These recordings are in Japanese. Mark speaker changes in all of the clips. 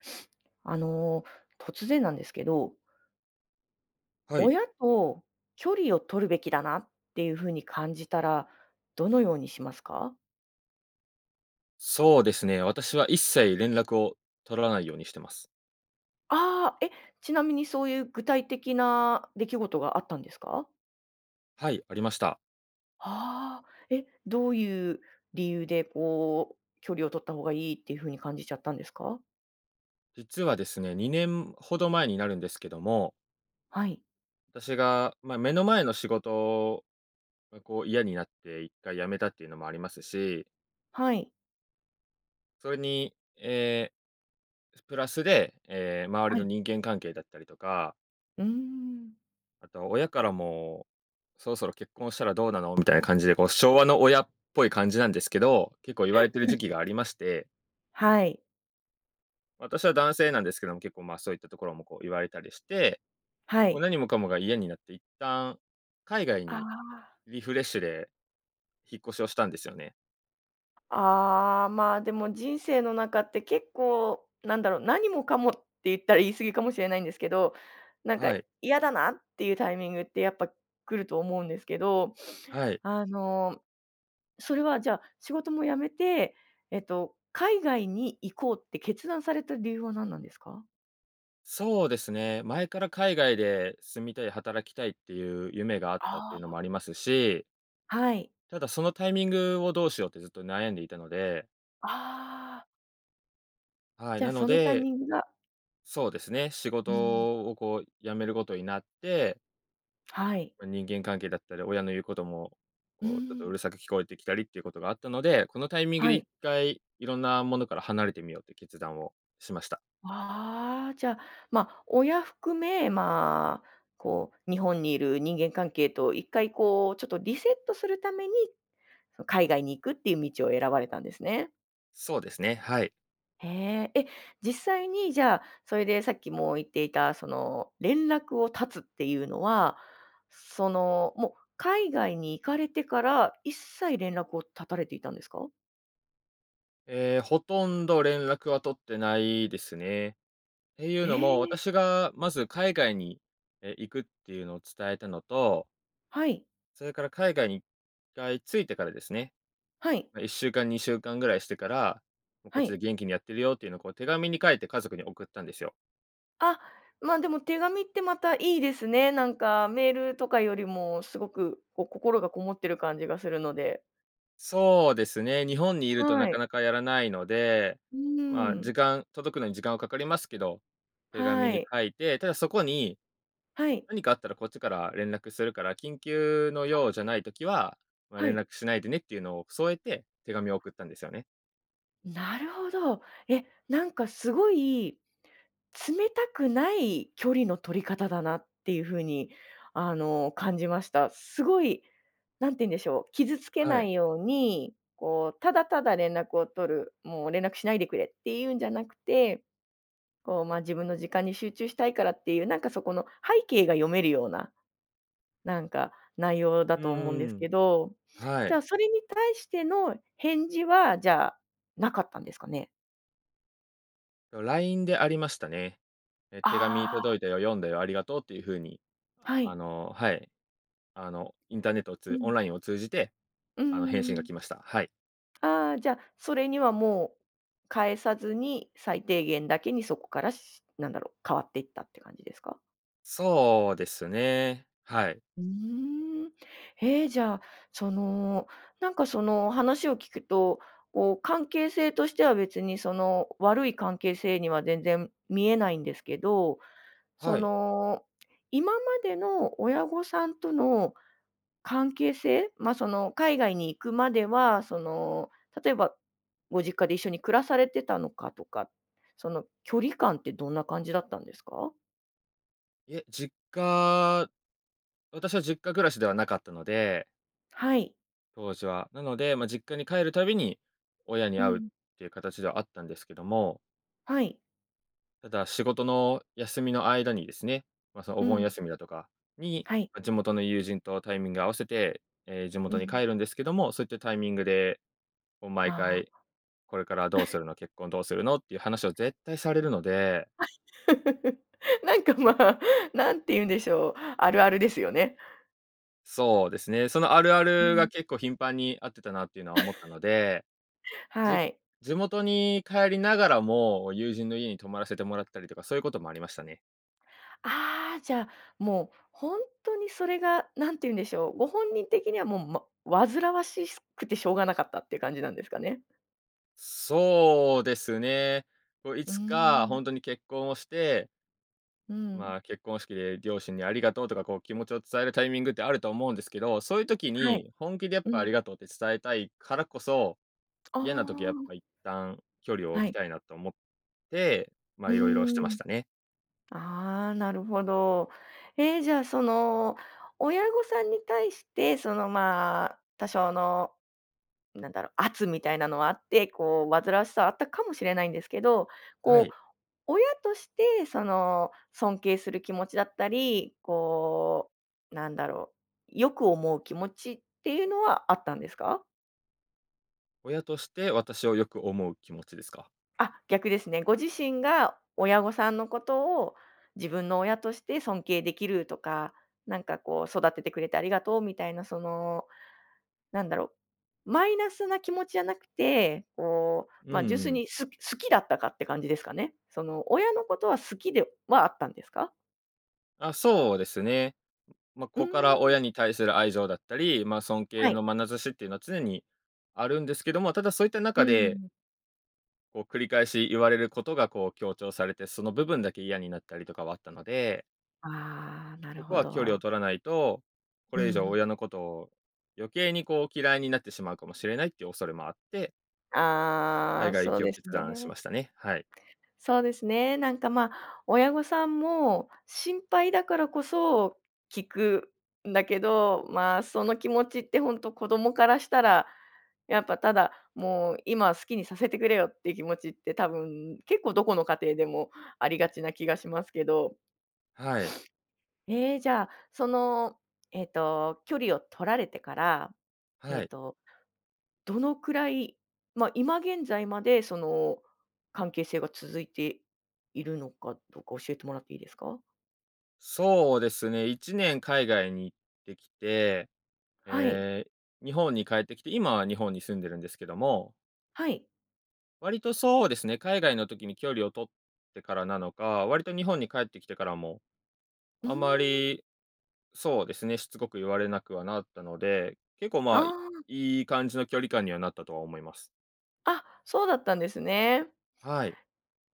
Speaker 1: あの突然なんですけど
Speaker 2: はい。
Speaker 1: 親と距離を取るべきだなっていう風に感じたらどのようにしますか？
Speaker 2: そうですね、私は一切連絡を取らないようにしてます。
Speaker 1: ああ、えっ、ちなみにそういう具体的な出来事があったんですか？
Speaker 2: はい、ありました。
Speaker 1: ああ、えっ、どういう理由でこう距離を取った方がいいっていう風に感じちゃったんですか？
Speaker 2: 実はですね、2年ほど前になるんですけども
Speaker 1: はい。
Speaker 2: 私が、まあ、目の前の仕事がこう嫌になって一回辞めたっていうのもありますし
Speaker 1: はい。
Speaker 2: それに、え、プラスで、え、周り
Speaker 1: は
Speaker 2: の
Speaker 1: い。
Speaker 2: 人間関係だったりとか
Speaker 1: うーん。
Speaker 2: あと親からも「そろそろ結婚したらどうなの」みたいな感じで、こう、昭和の親っぽい感じなんですけど、結構言われてる時 期がありまして
Speaker 1: はい。
Speaker 2: 私は男性なんですけども、結構、まあ、そういったところも、こう、言われたりして、
Speaker 1: は
Speaker 2: もう
Speaker 1: い。
Speaker 2: 何もかもが嫌になっていったん海外
Speaker 1: あ
Speaker 2: に
Speaker 1: あ。
Speaker 2: リフレッシュで引っ越しをしたんですよね。
Speaker 1: ああ、まあ、でも人生の中って結構なんだろう、何もかもって言ったら言い過ぎかもしれないんですけど、なんか
Speaker 2: はい。
Speaker 1: 嫌だなっていうタイミングってやっぱ来ると思うんですけど、
Speaker 2: はい。
Speaker 1: あの、それはじゃあ仕事も辞めて、えっと、海外に行こうって決断された理由は何なんですか？
Speaker 2: そうですね、前から海外で住みたい、働きたいっていう夢があったって
Speaker 1: あ
Speaker 2: いうのも
Speaker 1: あ。
Speaker 2: ありますし
Speaker 1: はい。
Speaker 2: ただ、そのタイミングをどうしようってずっと悩んでいたので。
Speaker 1: ああ。
Speaker 2: はい、
Speaker 1: じゃ、
Speaker 2: なの
Speaker 1: そのタイ
Speaker 2: で
Speaker 1: ミングが
Speaker 2: そうですね、仕
Speaker 1: うん。
Speaker 2: 事を、こう辞めることになって
Speaker 1: はい。
Speaker 2: ま、人間関係だったり、親の言うことも、
Speaker 1: うー
Speaker 2: こうちょっとう
Speaker 1: ん。
Speaker 2: るさく聞こえてきたりっていうことがあったので、このタイミングで
Speaker 1: はい。
Speaker 2: 一回、いろんなものから離れてみようって決断をしました。
Speaker 1: ああ、じゃ、まあ、親含め、まあ、こう日本にいる人間関係と一回こうちょっとリセットするために、そ海外に行くっていう道を選ばれたんですね。
Speaker 2: そうですね、はい。
Speaker 1: へえ。えっ、実際に、じゃあ、それで、さっきも言っていた、その、連絡を絶つっていうのは、その、もう海外に行かれてから一切連絡を絶たれていたんですか？
Speaker 2: ええ、ほとんど連絡は取ってないですね。っていう
Speaker 1: へ
Speaker 2: のも、
Speaker 1: え。
Speaker 2: 私がまず海外に、え、行くっていうのを伝えたのと
Speaker 1: はい。
Speaker 2: それから海外に一回着いてからですね。
Speaker 1: はい。
Speaker 2: ま、1週間、2週間ぐらいしてから、もう、「こっ
Speaker 1: は
Speaker 2: ち
Speaker 1: い。
Speaker 2: で元気にやってるよ」っていうのを、こう、手紙に書いて家族に送ったんですよ。
Speaker 1: あ、ま、でも手紙ってまたいいですね。なんかメールとかよりもすごく、こう、心がこもってる感じがするので。
Speaker 2: そうですね、日本にいると
Speaker 1: は
Speaker 2: なか
Speaker 1: い。
Speaker 2: なかやらないので、
Speaker 1: う
Speaker 2: ま、
Speaker 1: ー
Speaker 2: 時
Speaker 1: ん。
Speaker 2: 間届くのに時間はかかりますけど、手紙
Speaker 1: は
Speaker 2: に
Speaker 1: い。
Speaker 2: 書いて、ただそこに、
Speaker 1: はい。
Speaker 2: 何かあったらこっちから連絡するから、緊急の用じゃない時は、ま、
Speaker 1: は
Speaker 2: 連
Speaker 1: い。
Speaker 2: 絡しないでねっていうのを添えて、手紙を送ったんですよね。
Speaker 1: なるほど。え、なんか、すごい冷たくない距離の取り方だなっていう風に、あの、感じました。すごい、何て言うんでしょう、傷つけ
Speaker 2: は
Speaker 1: な
Speaker 2: い。
Speaker 1: いように、こう、ただただ連絡を取る、もう連絡しないでくれっていうんじゃなくて、こう、ま、自分の時間に集中したいからっていう、なんか、そこの背景が読めるような、なんか、内容だ
Speaker 2: うん
Speaker 1: と思うんで
Speaker 2: う
Speaker 1: す
Speaker 2: んうん。
Speaker 1: けど。
Speaker 2: は
Speaker 1: じゃ
Speaker 2: い。
Speaker 1: あ、それに対しての返事は、じゃあ、なかったんですかね？
Speaker 2: LINE でありましたね。え、手紙
Speaker 1: ああ。
Speaker 2: 届いたよ、読んだよ、ありがとうっていう風に、
Speaker 1: は
Speaker 2: あ
Speaker 1: い。
Speaker 2: の、はい、あのインターネットを
Speaker 1: う
Speaker 2: つオ
Speaker 1: ん。
Speaker 2: ンラインを通じて、
Speaker 1: うんう
Speaker 2: あの、返
Speaker 1: ん
Speaker 2: 信
Speaker 1: う
Speaker 2: が
Speaker 1: ん。
Speaker 2: 来ました。はい。
Speaker 1: ああ、じゃ、それにはもう返さずに最低限だけにそこから、なんだろう、変わっていったって感じですか？
Speaker 2: そうですね、はい。
Speaker 1: うーん。へえ、じゃあ、そのなんかその話を聞くと、こう関係性としては別にその悪い関係性には全然見えないんですけど、そ
Speaker 2: はい。
Speaker 1: の今までの親御さんとの関係性、ま、その海外に行くまではその例えばご実家で一緒に暮らされてたのかとか、その距離感ってどんな感じだったんですか？
Speaker 2: いえ、実家私は実家暮らしではなかったので
Speaker 1: はい。
Speaker 2: 当時は。なので、まあ、実家に帰るたびに、親に
Speaker 1: う
Speaker 2: 会うっ
Speaker 1: ん。
Speaker 2: ていう形ではあったんですけども。
Speaker 1: はい。
Speaker 2: ただ、仕事の休みの間にですね、まあ、その、お
Speaker 1: う
Speaker 2: 盆
Speaker 1: ん。
Speaker 2: 休みだとかに、
Speaker 1: はい。
Speaker 2: 地元の友人とタイミングを合わせて、ええ、地
Speaker 1: う
Speaker 2: 元に
Speaker 1: ん。
Speaker 2: 帰るんですけども、そういったタイミングで、こう、毎
Speaker 1: ああ。
Speaker 2: 回これからどうす るの、結婚どうするのっていう話を絶対されるので
Speaker 1: なんかまあ、何て言うんでしょう、あるあるですよね。
Speaker 2: そうですね、その、あるあ
Speaker 1: う
Speaker 2: るが
Speaker 1: ん。
Speaker 2: 結構頻繁に、あってたなっていうのは思った ので。
Speaker 1: は
Speaker 2: じ
Speaker 1: い。
Speaker 2: 地元に帰りながらも、友人の家に泊まらせてもらったりとか、そういうこともありましたね。
Speaker 1: ああ、じゃあ、もう本当に、それが何て言うんでしょう、ご本人的には、もう、ま煩わしすくてしょうがなかったっていう感じなんですかね？
Speaker 2: そうですね。こう、い
Speaker 1: うー
Speaker 2: つかほ
Speaker 1: ん。
Speaker 2: んとに結婚をして
Speaker 1: うん。
Speaker 2: まあ、結婚式で両親にありがとうとか、こう、気持ちを伝えるタイミングってあると思うんですけど、そういう時
Speaker 1: はい、
Speaker 2: に、本気で、やっ
Speaker 1: う
Speaker 2: ぱ、あ
Speaker 1: ん。
Speaker 2: りがとうって伝えたいからこそ、
Speaker 1: あ
Speaker 2: 嫌な時はやっ
Speaker 1: あ。
Speaker 2: ぱ、一旦距離を
Speaker 1: は
Speaker 2: 置き
Speaker 1: い。
Speaker 2: たいなと思って、まあ
Speaker 1: う
Speaker 2: 色々してま
Speaker 1: ー
Speaker 2: し
Speaker 1: ん。
Speaker 2: たね。
Speaker 1: ああ、なるほど。ええ、じゃあ、その、親御さんに対して、その、まあ、多少の、なんだろう、圧みたいなのはあって、こう、煩わしさはあったかもしれないんですけど、
Speaker 2: は
Speaker 1: こ
Speaker 2: い。
Speaker 1: う、親として、その、尊敬する気持ちだったり、こうなんだろう、良く思う気持ちっていうのはあったんですか？
Speaker 2: 親として私をよく思う気持ちですか？
Speaker 1: あ、逆ですね。ご自身が親御さんのことを自分の親として尊敬できるとか、なんかこう育ててくれてありがとうみたいな、そのなんだろう、マイナスな気持ちじゃなくて、こ
Speaker 2: う
Speaker 1: う、
Speaker 2: ん
Speaker 1: ま、純粋
Speaker 2: うん。
Speaker 1: にす好きだったかって感じですかね。その親のことは好きではあったんですか？
Speaker 2: あ、そうですね。ま、
Speaker 1: うー
Speaker 2: 子から親
Speaker 1: ん。
Speaker 2: に対する愛情だったり、ま、尊
Speaker 1: は
Speaker 2: 敬
Speaker 1: い。
Speaker 2: のまなざしっていうのは常にあるんですけども、ただそういった
Speaker 1: うー
Speaker 2: 中で
Speaker 1: ん。
Speaker 2: こう繰り返し言われることがこう強調されて、その部分だけ嫌になったりとかはあったので
Speaker 1: ああ、な
Speaker 2: こ
Speaker 1: る
Speaker 2: こ
Speaker 1: ほ
Speaker 2: は距離を
Speaker 1: ど。
Speaker 2: 取らないと、こ
Speaker 1: う
Speaker 2: れ以上
Speaker 1: ん。
Speaker 2: 親のことを、余計にこう嫌いになってしまうかもしれないっていう恐れもあって
Speaker 1: あ
Speaker 2: 海
Speaker 1: あ、
Speaker 2: 外行
Speaker 1: そ
Speaker 2: き
Speaker 1: う
Speaker 2: を
Speaker 1: です
Speaker 2: 決断し
Speaker 1: ね。
Speaker 2: ましたね、はい。
Speaker 1: そうですね。なんか、ま、親御さんも心配だからこそ聞くんだけど、まあ、その気持ちってほんと子供からしたらやっぱただもう「今、好きにさせてくれよ」っていう気持ちって多分結構どこの家庭でもありがちな気がしますけど。
Speaker 2: はい。
Speaker 1: ええ、じゃあ、その、えっと、距離を取られてから、え
Speaker 2: は
Speaker 1: っ
Speaker 2: い。
Speaker 1: と、どのくらい、ま、今現在までその関係性が続いているのかどか教えてもらっていいですか？
Speaker 2: そうですね、1年海外に行ってきて、
Speaker 1: はい。
Speaker 2: ええ、日本に帰ってきて、今は日本に住んでるんですけども
Speaker 1: はい。
Speaker 2: 割とそうですね、海外の時に距離を取ってからなのか、割と日本に帰ってきてからも、
Speaker 1: うー
Speaker 2: あま
Speaker 1: ん。
Speaker 2: り、そうですね、しつこく言われなくはなったので、結構、ま
Speaker 1: あ
Speaker 2: あ、い
Speaker 1: あ。
Speaker 2: い感じの距離感にはなったとは思います。
Speaker 1: あ、そうだったんですね。
Speaker 2: はい。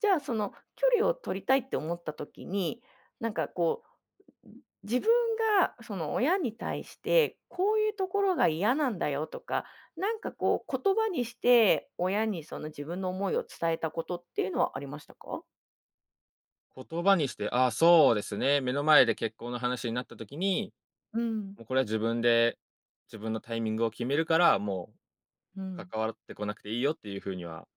Speaker 1: じゃあ、その距離を取りたいって思った時に、なんかこう、う、自分が、その、親に対してこういうところが嫌なんだよとか、なんかこう、言葉にして親にその自分の思いを伝えたことっていうのはありましたか？
Speaker 2: 言葉にして、あ、そうですね、目の前で結婚の話になった時に
Speaker 1: うん。
Speaker 2: 「も、これは自分で、自分のタイミングを決めるから、も
Speaker 1: う
Speaker 2: う
Speaker 1: ん。
Speaker 2: 関わってこなくていいよ」っていうふうには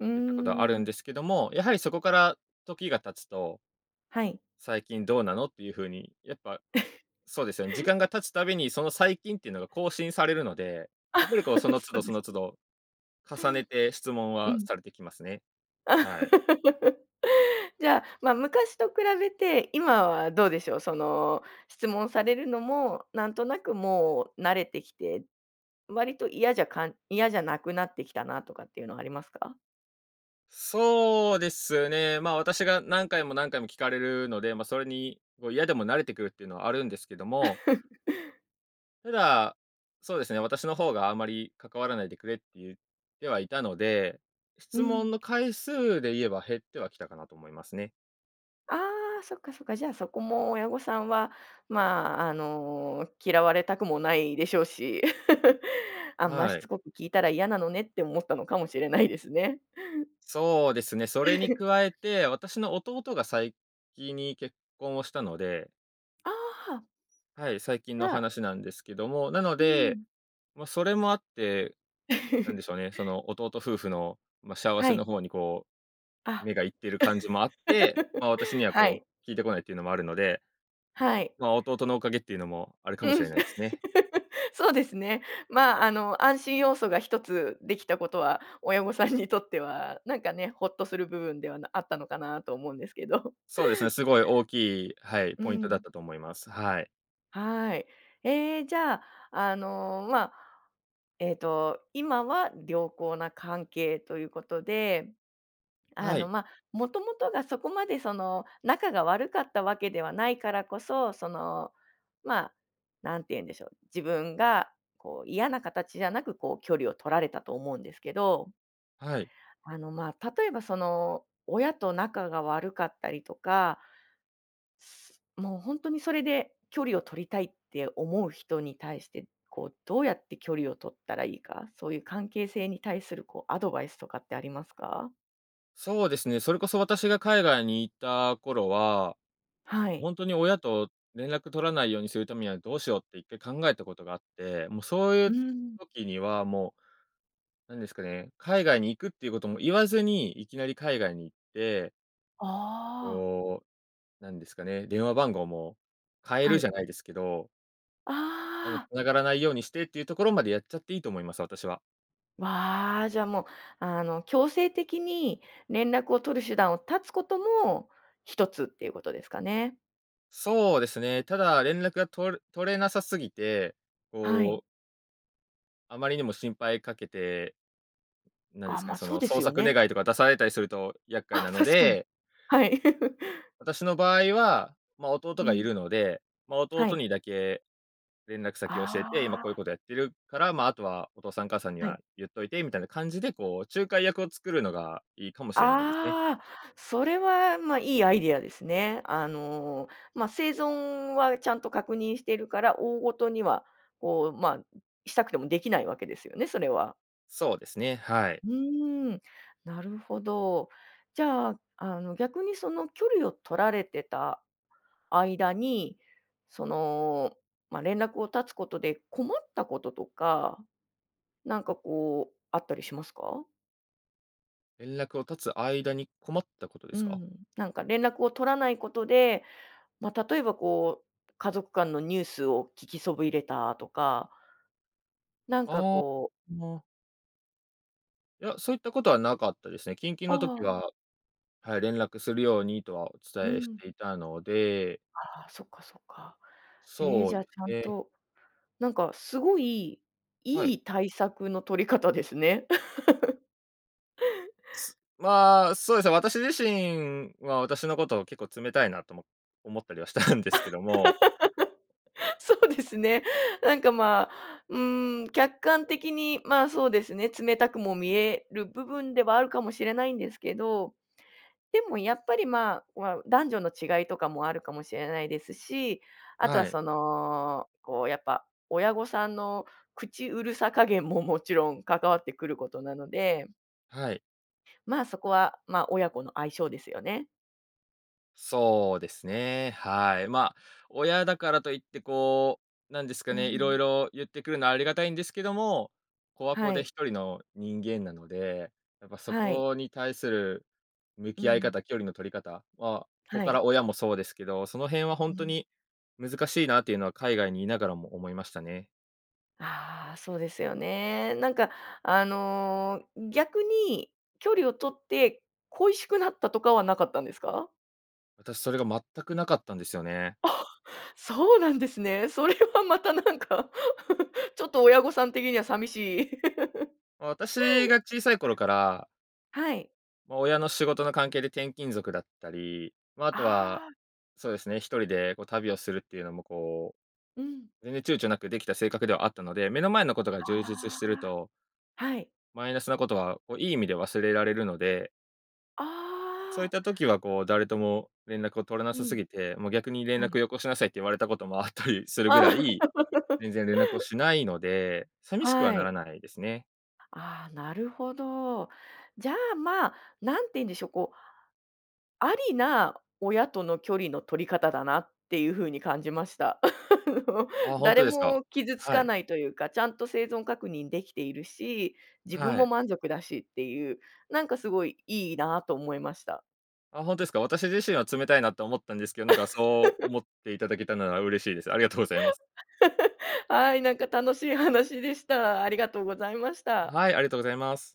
Speaker 1: うー
Speaker 2: 言ったことはあるん
Speaker 1: ん。
Speaker 2: ですけども、やはりそこから時が経つと
Speaker 1: はい。
Speaker 2: 最近どうなのっていうふうに、やっぱ、そうですよね、時 間が経つたびにその最近っていうのが更新されるので、やっぱり、こ う、
Speaker 1: そ
Speaker 2: その都度、
Speaker 1: う
Speaker 2: そ
Speaker 1: で
Speaker 2: の
Speaker 1: す
Speaker 2: 都
Speaker 1: ね。
Speaker 2: 度、重ねて質問
Speaker 1: う
Speaker 2: は
Speaker 1: ん。
Speaker 2: されてきますね。はい。
Speaker 1: じゃあ、まあ、昔と比べて今はどうでしょう？その質問されるのも、なんとなくもう慣れてきて、割と嫌じゃかん嫌じゃなくなってきたなとかっていうのはありますか？
Speaker 2: そうですね、ま、私が何回も何回も聞かれるので、ま、それにこう嫌でも慣れてくるっていうのはあるんですけども。ただ、そうですね、私の方があまり関わらないでくれって言ってはいたので、
Speaker 1: う
Speaker 2: 質問
Speaker 1: ん。
Speaker 2: の回数で言えば減ってはきたかなと思いますね。
Speaker 1: ああ、そっか、そっか、じゃあそこも親御さんはまあ、あの、嫌われたくもないでしょうし。あんまし
Speaker 2: はい。
Speaker 1: つこく聞いたら嫌なのねって思ったのかもしれないですね。
Speaker 2: そうですね。それに 加えて、私の弟が先に結婚をしたので。
Speaker 1: ああ。
Speaker 2: はい、最近
Speaker 1: じ
Speaker 2: の
Speaker 1: ゃあ。
Speaker 2: 話なんですけども、なの
Speaker 1: う
Speaker 2: で、
Speaker 1: ん。
Speaker 2: ま、それもあって、なんで しょうね、その弟夫婦の、ま、幸
Speaker 1: は
Speaker 2: せ
Speaker 1: い。
Speaker 2: の方にこう、
Speaker 1: あ。
Speaker 2: 目がいってる感じもあって、まあ、私には
Speaker 1: は
Speaker 2: こ
Speaker 1: い。
Speaker 2: う聞いてこないっていうのもあるので、
Speaker 1: はい。
Speaker 2: まあ、弟のおかげっていうのもあるかも
Speaker 1: う
Speaker 2: し
Speaker 1: ん。
Speaker 2: れないですね。
Speaker 1: そうですね。まあ、あの安心要素が一つできたことは親御さんにとってはなんかね、ほっとする部分ではなあったのかなとは思うんですけど。
Speaker 2: そうですね、すごい大きい、はい、
Speaker 1: う
Speaker 2: ポイントだっ
Speaker 1: ん。
Speaker 2: たと思います。はい。
Speaker 1: はい。ええ、じゃあ、あの、まあ、ええと、今は良好な関係ということで。あ
Speaker 2: は
Speaker 1: の、
Speaker 2: い。
Speaker 1: まあ、もともとが、そこまで、その、仲が悪かったわけではないからこそ、その、まあ、なんて言うんでしょう。自分がこう、嫌な形じゃなく、こう、距離を取られたと思うんですけど。
Speaker 2: はい。
Speaker 1: あの、まあ、例えばその、親と仲が悪かったりとかもうほんとに、それで、距離を取りたいって思う人に対して、こう、どうやって距離を取ったらいいか。そういう関係性に対する、こう、アドバイスとかって、ありますか？
Speaker 2: そうですね。それこそ、私が海外に居た頃は、
Speaker 1: は
Speaker 2: もう
Speaker 1: い。
Speaker 2: ほんとに親と連絡取らないようにするためにはどうしようって、1回考えたことがあって。もう、そうい
Speaker 1: う
Speaker 2: う
Speaker 1: ん。
Speaker 2: 時にはもう、何ですかね。海外に行くっていうことも言わずに、いきなり海外に行って
Speaker 1: ああ。
Speaker 2: こう、なんですかね。電話番号も変え
Speaker 1: は
Speaker 2: る、じ
Speaker 1: い。
Speaker 2: ゃないですけどあの、
Speaker 1: ああ。
Speaker 2: 繋がらないようにしてっていうところまでやっちゃっていいと思います、私は。
Speaker 1: わ、じゃあ、もう、あの、強制的に連絡を取る手段を断つことも一つっていうことですかね。
Speaker 2: そうですね、ただ連絡が取れ取れなさすぎて、
Speaker 1: は
Speaker 2: こ
Speaker 1: い。
Speaker 2: うあまりにも心配かけて、なんで
Speaker 1: あ、
Speaker 2: すか
Speaker 1: ま
Speaker 2: ね、
Speaker 1: あ、
Speaker 2: そ
Speaker 1: そう
Speaker 2: の
Speaker 1: です
Speaker 2: 捜
Speaker 1: よ
Speaker 2: 索
Speaker 1: ね。
Speaker 2: 願とか出されたりすると厄介
Speaker 1: あ
Speaker 2: な
Speaker 1: っ、
Speaker 2: の
Speaker 1: 確かに、
Speaker 2: で
Speaker 1: はい。
Speaker 2: 私の場合は、まあ、弟
Speaker 1: う
Speaker 2: がい
Speaker 1: ん。
Speaker 2: るので、まあ、
Speaker 1: は
Speaker 2: 弟
Speaker 1: い。
Speaker 2: にだけ連絡先を教えて、今
Speaker 1: あ
Speaker 2: こういう
Speaker 1: あ。
Speaker 2: ことやってるから、まあ、あとはお父さんお母さんに
Speaker 1: はい。
Speaker 2: は言っといてみたいな感じで、こう、仲介役を作るのがいいかもしれないですね。
Speaker 1: ああ、それは、まあ、いいアイデアですね。あの、まあ、生存はちゃんと確認しているから、大事には、こう、まあ、んしたくてもできないわけですよねそれは。
Speaker 2: そうですね。はい。
Speaker 1: うーん、なるほど。じゃあ、あの、逆に、その、距離を取られてた間に、その、ま、連絡を絶つことで困ったこととか、なんか、こう、あったりしますか？
Speaker 2: 連絡を絶つ間に困ったことで
Speaker 1: う
Speaker 2: すか？
Speaker 1: ん、なんか連絡を取らないことで、ま、例えば、こう、家族間のニュースを聞きそびれたとか、なんか
Speaker 2: ああ、
Speaker 1: こう
Speaker 2: ま。いや、そういったことはなかったですね。緊急の
Speaker 1: あ
Speaker 2: 時
Speaker 1: あ。
Speaker 2: は、はい、連絡するようにとはお
Speaker 1: う
Speaker 2: 伝えし
Speaker 1: ん。
Speaker 2: ていたので。
Speaker 1: ああ、そっかそっか。え、
Speaker 2: そう
Speaker 1: じゃ
Speaker 2: で
Speaker 1: あ、ちゃ
Speaker 2: す
Speaker 1: ん
Speaker 2: ね。
Speaker 1: と、なんか、すごい
Speaker 2: はい。
Speaker 1: いい対策の取り方ですね。
Speaker 2: まあ、そうですね、私自身は私のことを結構冷たいなとも思ったりはしたんですけども。
Speaker 1: そうですね。なんか、ま、うーん、客観的に、ま、そうですね、冷たくも見える部分ではあるかもしれないんですけど、でもやっぱり、まあ、わ男女の違いとかもあるかもしれないですし、あとは、
Speaker 2: はい。
Speaker 1: その、こう、やっぱ親御さんの口うるさ加減ももちろん関わってくることなので。
Speaker 2: はい。
Speaker 1: まあ、そこは、まあ、親子の相性ですよね。
Speaker 2: そうですね、はい。まあ、親だからといってこう、なんですか
Speaker 1: うー
Speaker 2: ね、いろい
Speaker 1: ん。
Speaker 2: ろ言ってくるのはありがたいんですけども、子は子
Speaker 1: は
Speaker 2: で
Speaker 1: い。
Speaker 2: 1人の人間なので、やっぱそ
Speaker 1: はい。
Speaker 2: こに対する向
Speaker 1: うー
Speaker 2: き合い
Speaker 1: ん。
Speaker 2: 方、距離の取り方は、子
Speaker 1: は
Speaker 2: か
Speaker 1: い。
Speaker 2: ら親もそうですけど、その辺は
Speaker 1: う
Speaker 2: 本当
Speaker 1: ん。
Speaker 2: に難しいなっていうのは海外にいながらも思いましたね。
Speaker 1: ああ、そうですよね。なんか、あの、逆に距離を取って恋しくなったとかはなかったんですか？
Speaker 2: 私それが全くなかったんですよね。
Speaker 1: あ、そうなんですね。それはまたなんかちょっと親御さん的には寂しい。
Speaker 2: 私が小さい頃から
Speaker 1: はい。
Speaker 2: まあ、親の仕事の関係で転勤族だったり、まあ、あ
Speaker 1: あ
Speaker 2: とは、
Speaker 1: あ。
Speaker 2: そうですね、1人でこう旅をするっていうのも、こう、
Speaker 1: うん。
Speaker 2: 全然躊躇なくできた性格ではあったので、目の前のことが充実してる
Speaker 1: あ
Speaker 2: と
Speaker 1: あ、はい。
Speaker 2: マイナスなことは、もういい意味で忘れられるので
Speaker 1: あ
Speaker 2: そういっ
Speaker 1: あ。
Speaker 2: た時はこう、誰とも連絡を取らな
Speaker 1: う
Speaker 2: さす
Speaker 1: ん。
Speaker 2: ぎて、もう逆に連
Speaker 1: は
Speaker 2: 絡
Speaker 1: い。
Speaker 2: をよこしなさいって言われたこともあったりするぐ
Speaker 1: あ
Speaker 2: らい、
Speaker 1: あ。
Speaker 2: 全然連絡をしないので、寂しくは
Speaker 1: は
Speaker 2: な
Speaker 1: い。
Speaker 2: らないですね。
Speaker 1: ああ、なるほど。じゃあ、まあ、なんていうんでしょう、こうありな親との距離の取り方だなっていう風に感じました。
Speaker 2: あ、本当
Speaker 1: 誰
Speaker 2: ですか。
Speaker 1: も傷つ
Speaker 2: は
Speaker 1: か
Speaker 2: い。
Speaker 1: ないというか、ちゃんと生存確認できているし、自分
Speaker 2: は
Speaker 1: も
Speaker 2: い。
Speaker 1: 満足だしっていう、なんかすごい、いいなと思いました。
Speaker 2: あ、本当ですか。私自身は冷たいなと思ったんですけど、なんかそう 思っていただけたなら嬉しいです。ありがとうございます。
Speaker 1: はい、なんか楽しい話でした。ありがとうございました。
Speaker 2: はい、ありがとうございます。